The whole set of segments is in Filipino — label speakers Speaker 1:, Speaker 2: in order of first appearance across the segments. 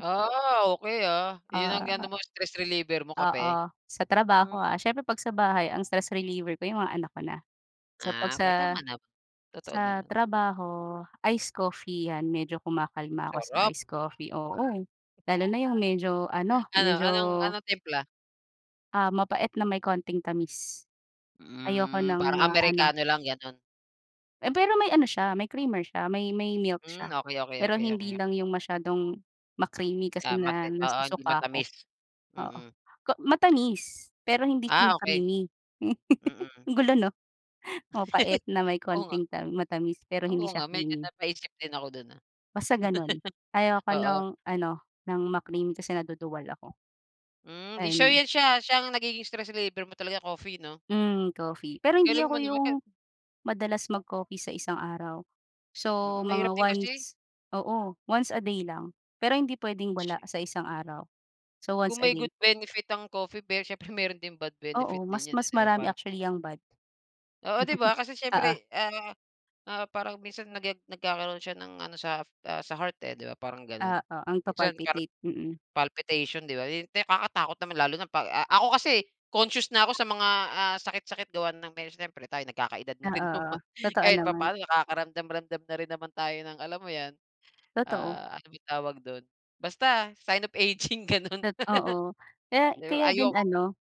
Speaker 1: Ah, okey ah, yun ang ano
Speaker 2: Ah.
Speaker 1: mo stress reliever mo kape?
Speaker 2: Oo, sa
Speaker 1: Hmm.
Speaker 2: trabaho, ah, siyempre pag sa bahay ang stress reliever ko yung mga anak ko na. So pag
Speaker 1: Ah,
Speaker 2: sa
Speaker 1: kay tama na totoo
Speaker 2: sa
Speaker 1: naman.
Speaker 2: trabaho, iced coffee, yan medyo kumakalma ako sa
Speaker 1: Sarap.
Speaker 2: iced coffee, oo, lalo na yung medyo ano,
Speaker 1: Ano,
Speaker 2: medyo
Speaker 1: anong ano, timpla?
Speaker 2: ah, mapait na may konting tamis. Ayoko
Speaker 1: Hmm,
Speaker 2: ng
Speaker 1: parang
Speaker 2: ma-ano.
Speaker 1: Amerikano lang, ganun?
Speaker 2: Eh, pero may ano siya, may creamer siya, may may milk siya
Speaker 1: Mm. Okey, okey,
Speaker 2: pero
Speaker 1: okey, okey,
Speaker 2: hindi
Speaker 1: okey.
Speaker 2: lang yung masyadong ma-creamy kasi
Speaker 1: Tama
Speaker 2: nga
Speaker 1: din, oo, hindi
Speaker 2: nasusuka ako,
Speaker 1: matamis,
Speaker 2: oo.
Speaker 1: mm.
Speaker 2: K matamis, pero hindi siya
Speaker 1: Ah, okey.
Speaker 2: ma-creamy.
Speaker 1: Mm.
Speaker 2: Ang gulo no? Mapait na may
Speaker 1: Oo nga.
Speaker 2: konting tam matamis pero hindi
Speaker 1: Oo
Speaker 2: siya
Speaker 1: nga medyo
Speaker 2: creamy.
Speaker 1: napaisip din ako dun ah.
Speaker 2: Basta ganun. Ayaw ko
Speaker 1: Oo.
Speaker 2: nong ano ng ma-cream kasi naduduwal ako.
Speaker 1: Hmm, di so
Speaker 2: And.
Speaker 1: yun siya, siya ang nagiging stress reliever mo talaga coffee 'no?
Speaker 2: Hmm, coffee pero hindi
Speaker 1: Galing
Speaker 2: ako
Speaker 1: mo naman.
Speaker 2: yung madalas mag-coffee sa isang araw. So
Speaker 1: Mm
Speaker 2: mga
Speaker 1: mahirap din kasi.
Speaker 2: once, oo, once a day lang. Pero hindi pwedeng wala sa isang araw, so
Speaker 1: Kung
Speaker 2: once a
Speaker 1: may
Speaker 2: day.
Speaker 1: good benefit ang coffee pero siyempre meron din bad benefit
Speaker 2: Oo mas
Speaker 1: din yan eh,
Speaker 2: mas
Speaker 1: di ba
Speaker 2: marami
Speaker 1: parang
Speaker 2: actually yang bad.
Speaker 1: Oo di ba? Kasi
Speaker 2: Oo.
Speaker 1: siyempre, ah, ah, parang minsan nage nagkakaroon siya ng ano sa sa heart, eh, di ba parang ganon?
Speaker 2: Oo, ang
Speaker 1: Minsan parang
Speaker 2: papalpitate mm.
Speaker 1: palpitation di ba yun, kakatakot naman lalo na pag a ako kasi conscious na ako sa mga, ah, sakit-sakit gawa ng siyempre tayo nagkaka-edad na
Speaker 2: Oo,
Speaker 1: rin
Speaker 2: oo
Speaker 1: naman
Speaker 2: totoo
Speaker 1: kahit
Speaker 2: naman.
Speaker 1: papaano nakakaramdam-ramdam na rin naman tayo ng alam mo yan,
Speaker 2: Totoo.
Speaker 1: ah, ano bang tawag dun? Basta, sign of aging ganun.
Speaker 2: Tot oo kaya
Speaker 1: Di ba
Speaker 2: kaya
Speaker 1: ay yu
Speaker 2: din ano,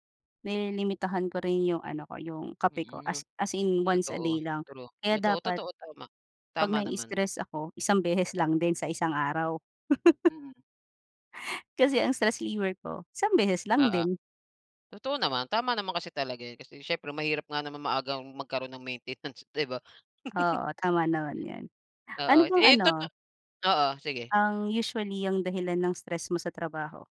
Speaker 2: nililimitahan ko rin yung ano ko yung kape ko
Speaker 1: Mm,
Speaker 2: as as in
Speaker 1: totoo,
Speaker 2: once-a-day lang
Speaker 1: true,
Speaker 2: kaya
Speaker 1: totoo,
Speaker 2: dapat,
Speaker 1: totoo tama,
Speaker 2: pag
Speaker 1: tama naman.
Speaker 2: nai-istress ako isang beses lang din sa isang araw.
Speaker 1: Mm.
Speaker 2: Kasi ang stress reliever ko isang beses lang
Speaker 1: Oo.
Speaker 2: din.
Speaker 1: Totoo naman, tama naman kasi talaga yun kasi siyempre mahirap nga naman maagang magkaroon ng maintenance, di ba?
Speaker 2: Oo, tama naman yun, ano
Speaker 1: Oo,
Speaker 2: bang
Speaker 1: eh,
Speaker 2: ano?
Speaker 1: totoo, oo, sige.
Speaker 2: Ang usually, ang dahilan ng stress mo sa trabaho?